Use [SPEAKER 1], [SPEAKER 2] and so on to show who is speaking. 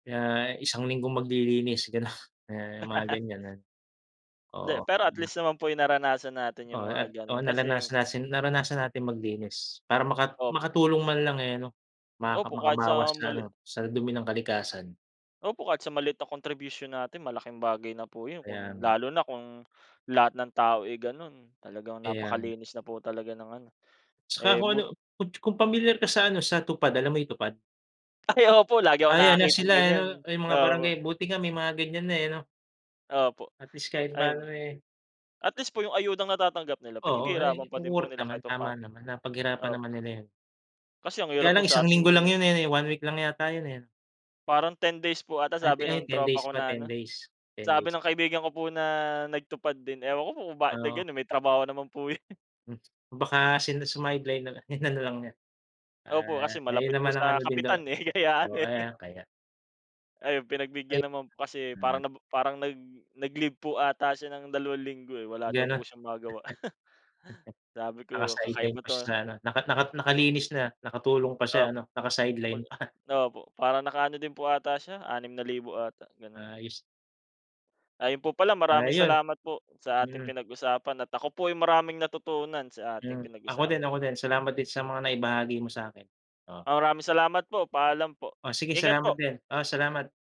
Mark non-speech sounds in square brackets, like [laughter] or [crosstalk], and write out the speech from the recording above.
[SPEAKER 1] Kaya isang linggong maglilinis, ganun, mga ganyan, ah. Oo,
[SPEAKER 2] Hindi, pero at
[SPEAKER 1] hmm.
[SPEAKER 2] least naman po, yung naranasan natin yung
[SPEAKER 1] Oo
[SPEAKER 2] mga
[SPEAKER 1] at
[SPEAKER 2] ganun,
[SPEAKER 1] oo,
[SPEAKER 2] kasi
[SPEAKER 1] nalanasan natin naranasan natin maglinis, para maka
[SPEAKER 2] Opo.
[SPEAKER 1] makatulong man lang, eh, ano, maka
[SPEAKER 2] Opo, kahit
[SPEAKER 1] makabawas
[SPEAKER 2] sa
[SPEAKER 1] sa
[SPEAKER 2] mali.
[SPEAKER 1] ano, sa dumi ng kalikasan.
[SPEAKER 2] Opo, kahit sa maliit na contribution natin, malaking bagay na po yun
[SPEAKER 1] Kaya
[SPEAKER 2] kung
[SPEAKER 1] nga.
[SPEAKER 2] lalo na kung lahat ng tao, eh, ganun, talagang
[SPEAKER 1] Kaya nga.
[SPEAKER 2] napakalinis na po talaga ng ano,
[SPEAKER 1] 'Tsaka ho
[SPEAKER 2] eh,
[SPEAKER 1] ano,
[SPEAKER 2] but
[SPEAKER 1] kung kung pamilyar ka sa ano, sa TUPAD, alam mo yung TUPAD?
[SPEAKER 2] Ay, opo, lagi akong
[SPEAKER 1] Ay, ano
[SPEAKER 2] nakakitang
[SPEAKER 1] sila,
[SPEAKER 2] ganyan.
[SPEAKER 1] ano, ay mga
[SPEAKER 2] Opo.
[SPEAKER 1] barangay, buti nga may mga ganyan na, eh, 'no?
[SPEAKER 2] Opo,
[SPEAKER 1] At least, kahit
[SPEAKER 2] ayun,
[SPEAKER 1] paano, eh.
[SPEAKER 2] at least po yung ayudang natatanggap nila,
[SPEAKER 1] Oo, ay
[SPEAKER 2] pinaghihirapan pa din po
[SPEAKER 1] worth
[SPEAKER 2] nila kahit
[SPEAKER 1] naman,
[SPEAKER 2] papano.
[SPEAKER 1] tama naman, napaghirapan
[SPEAKER 2] Opo.
[SPEAKER 1] naman nila yun.
[SPEAKER 2] Kasi ang
[SPEAKER 1] Kaya
[SPEAKER 2] hirap po
[SPEAKER 1] lang,
[SPEAKER 2] sa'tin,
[SPEAKER 1] linggo lang
[SPEAKER 2] mem
[SPEAKER 1] yun, eh, eh one week lang yata yun, eh.
[SPEAKER 2] Parang 10 days po ata
[SPEAKER 1] Ay p
[SPEAKER 2] sabi
[SPEAKER 1] ay,
[SPEAKER 2] ng
[SPEAKER 1] 10
[SPEAKER 2] tropa
[SPEAKER 1] days
[SPEAKER 2] ko
[SPEAKER 1] pa,
[SPEAKER 2] na ano,
[SPEAKER 1] 10 days, 10
[SPEAKER 2] sabi
[SPEAKER 1] days.
[SPEAKER 2] ng kaibigan ko po na nag-TUPAD din, ewan ko kung ba't
[SPEAKER 1] Oo.
[SPEAKER 2] nag-ganun, may trabaho naman po yun.
[SPEAKER 1] Hmm, baka sin sumideline nalang, inano lang niya,
[SPEAKER 2] Opo,
[SPEAKER 1] ah,
[SPEAKER 2] kasi
[SPEAKER 1] ayun
[SPEAKER 2] malapit
[SPEAKER 1] naman
[SPEAKER 2] po
[SPEAKER 1] ang
[SPEAKER 2] sa
[SPEAKER 1] ano din daw
[SPEAKER 2] kapitan, eh, kaya ano,
[SPEAKER 1] oh,
[SPEAKER 2] eh.
[SPEAKER 1] ah, kaya.
[SPEAKER 2] Ayun,
[SPEAKER 1] Ay
[SPEAKER 2] pinagbigyan naman po kasi
[SPEAKER 1] mhm.
[SPEAKER 2] parang nabo parang nag nag-leave po ata siya ng 2 linggo, eh, wala daw po
[SPEAKER 1] Ganun.
[SPEAKER 2] siyang magawa. [chuckles] Sabi
[SPEAKER 1] [chuckles]
[SPEAKER 2] ko,
[SPEAKER 1] Naka-sideline
[SPEAKER 2] "Kakaiba
[SPEAKER 1] pa
[SPEAKER 2] 'to,
[SPEAKER 1] siya sa
[SPEAKER 2] ah."
[SPEAKER 1] ano, naka naka nakalinis na, nakatulong pa siya
[SPEAKER 2] Opo,
[SPEAKER 1] ano,
[SPEAKER 2] pag
[SPEAKER 1] naka-sideline pa.
[SPEAKER 2] Opo, parang naka-ano din po ata siya, ₱6,000 ata, ganun.
[SPEAKER 1] Ayos.
[SPEAKER 2] Ayun po pala,
[SPEAKER 1] Ah,
[SPEAKER 2] maraming
[SPEAKER 1] iyon.
[SPEAKER 2] salamat po sa ating
[SPEAKER 1] Mm.
[SPEAKER 2] pinag-usapan at ako po ay maraming natutunan sa ating
[SPEAKER 1] Hmm. Ako din
[SPEAKER 2] pinag-usapan.
[SPEAKER 1] ako din, salamat din sa mga naibahagi mo sa'kin. Oo.
[SPEAKER 2] Ah, maraming salamat po. Paalam po.
[SPEAKER 1] O sige
[SPEAKER 2] Ingat
[SPEAKER 1] salamat
[SPEAKER 2] po.
[SPEAKER 1] din. Oh, salamat.